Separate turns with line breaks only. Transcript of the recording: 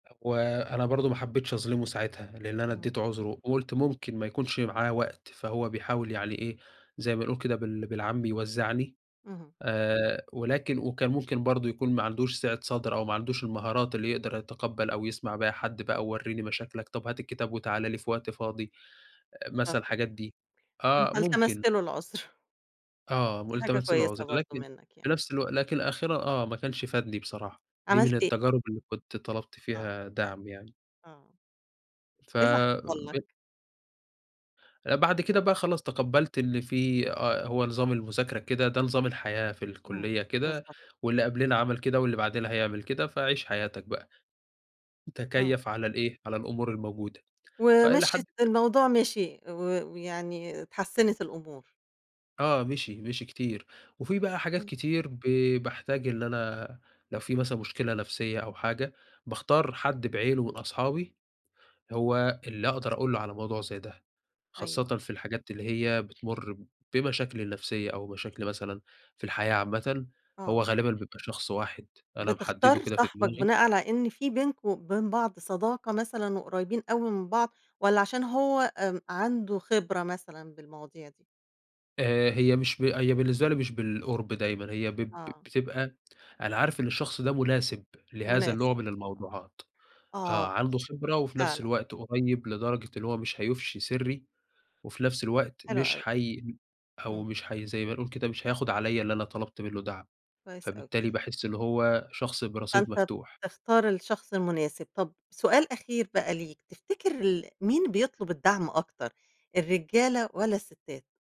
وأنا برضو ما حبيتش اظلمه ساعتها، لإن أنا
إمم.
ادّيته عُذره وقُلت ممكن ما يكونش معاه وقت، فهو بيحاول يعني إيه زي ما نقول كده بال بالعام بيوزّعني،
اهم.
آآ، ولكن وكان ممكن برضو يكون ما عندوش سِعة صَدر أو ما عندوش المهارات اللي يقدر يتقبّل أو يسمع بيها حد بقى، وورّيني مشاكلك، طب هات الكتاب وتعالَ لي في وقت فاضي، أ
بالضبط
مثلًا
كده،
الحاجات دي، آه
أنت
ممكن.
التَمست له العُذر.
آه،
دي حاجة
والتمسْت له
كويسة
العُذر،
برضو
لكن
منّك يعني.
في نَفس الوقت لكن الآخِرة آه ما كنش فادني بصراحة، دي من
عملت أ
التجارب اللي كنت طلبت
آه.
فيها دَعم يعني.
آه. إيه اللي حصل
فبت
لك؟
بعد كده بقى خلاص تقبّلت إن في آه، هو نظام المذاكرة كده، ده نظام الحياة في
إمم،
الكلّية كده،
بالضبط.
واللي قبلنا عمل كده واللي بعدنا هيعمل كده، فعِش حياتك بقى،
آه.
تَكيّف على الإيه، على الأمور الموجودة، فإلى حدٍ
ومِشيت الموضوع مشي و ويعني اتحسّنت الأمور.
آه، مشي، مشي كتير، وفي بقى حاجات
إمم.
كتير ب باحتاج إن أنا لو في مثلًا مشكلة نفسية أو حاجة، باختار حد بعينه من أصحابي، هو اللي اقدر اقول له على موضوع زي ده، خاصةً
أيوه.
في الحاجات اللي هي بتمُر بمشاكلي النفسية أو مشاكلي مثلًا في الحياة عامةً، هو
آه.
غالبًا بيبقى شخص واحد أنا محدده
بتختار
كده في
صاحبك
دماغي.
بناءً على إن في بينكم وبين بعض صداقة مثلًا وقريّبين أوي من بعض، والّا عشان هو آمم، عنده خبرة مثلًا بالمواضيع دي؟
آآ، هي مش ب هي بالنسبة لي مش بالقُرب دايمًا، هي ب ب
آه.
بتبقى أنا عارف إن الشخص ده مناسب لهذا النوع
مناسب،
من الموضوعات، آآ،
آه
عنده خبرة وفي نفس
فعلًا.
الوقت قريب لدرجة اللي هو مش هيُفشي سِرّي، وفي نَفس الوقت
حلو
مش
أوي.
حيم أو
إمم.
مش حي زي ما نقول كده مش هياخد عليَّ اللي أنا طلبت منّه دَعم،
كويس أوي.
فبالتالي باحس اللي هو شخص برصيد
فأنت
مفتوح.
بتختار الشخص المناسب، طب سؤال أخير بقى ليك تفتكر ال مين بيطلب الدَعم أكتر الرجالة والّا الستات؟